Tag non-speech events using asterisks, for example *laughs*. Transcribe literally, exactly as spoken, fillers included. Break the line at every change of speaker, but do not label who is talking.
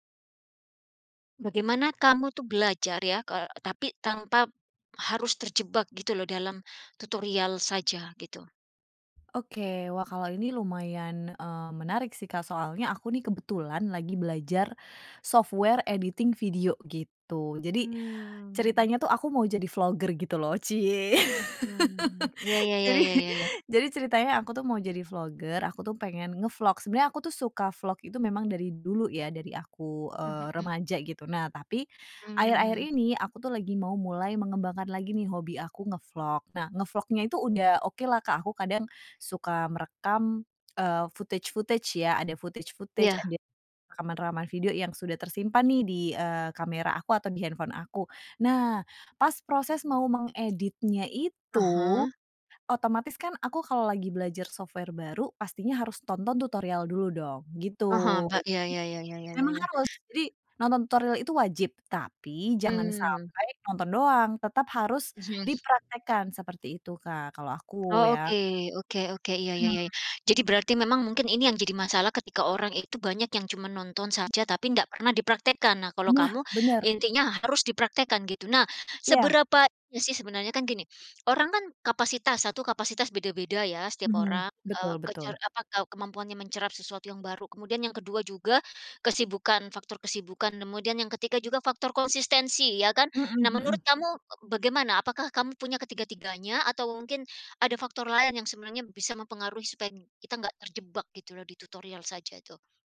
Bagaimana kamu tuh belajar ya, kal tapi tanpa, harus terjebak gitu loh, dalam tutorial saja, gitu?
Oke, wah kalau ini lumayan, eee, menarik sih, Kak, soalnya aku nih,
Hmm.
kebetulan lagi belajar, software editing video gitu. Jadi,
Mmm.
ceritanya tuh aku mau jadi vlogger gitu loh, ciye.
Mmm, ya
*laughs*
ya ya
Jadi
ya ya ya.
jadi ceritanya aku tuh mau jadi vlogger, aku tuh pengen ngevlog, sebenernya aku tuh suka vlog itu memang dari dulu ya, dari aku,
Mmm,
eee,
mhm.
remaja gitu. Nah tapi, akhir-akhir
Mmm.
ini aku tuh lagi mau mulai mengembangkan lagi nih, hobi aku ngevlog. Nah, ngevlognya itu udah oke lah, Kak, aku kadang, suka merekam, eee, footage-footage ya, ada footage-footage,
Iya.
ada rekaman-rekaman video yang sudah tersimpan nih di, eee, kamera aku atau di handphone aku. Nah, pas proses mau mengeditnya
Ah
itu,
hah.
otomatis kan aku kalau lagi belajar software baru, pastinya harus tonton tutorial dulu dong gitu,
Paham, Mbak, iya
jadi
iya iya iya iya iya
memang
iya.
harus, jadi nonton tutorial itu wajib, tapi jangan
Mmm.
sampai nonton doang, tetap harus
Mhm.
dipraktekkan seperti itu, Kak, kalau aku
Oh,
ya.
oke oke oke. Iya, ya ya ya.
Mhm.
Jadi berarti memang mungkin ini yang jadi masalah ketika orang itu banyak yang cuman nonton saja, tapi nggak pernah dipraktekkan. Nah, kalau
Nah,
kamu
bener.
intinya harus dipraktekkan gitu. Nah,
Iya.
seberapa iya sih, sebenarnya kan gini, orang kan kapasitas satu kapasitas beda-beda ya, setiap
Mhm,
orang, eee,
betul
kece
betul.
apa, ke kemampuannya mencerap sesuatu yang baru, kemudian yang kedua juga kesibukan, faktor kesibukan, kemudian yang ketiga juga faktor konsistensi ya, kan.
Mhm
Nah,
mhm.
menurut kamu, eee, bagaimana, apakah kamu punya ketiga-tiganya, atau mungkin, ada faktor lain yang sebenarnya bisa mempengaruhi supaya kita nggak terjebak gitu loh, di tutorial saja, itu?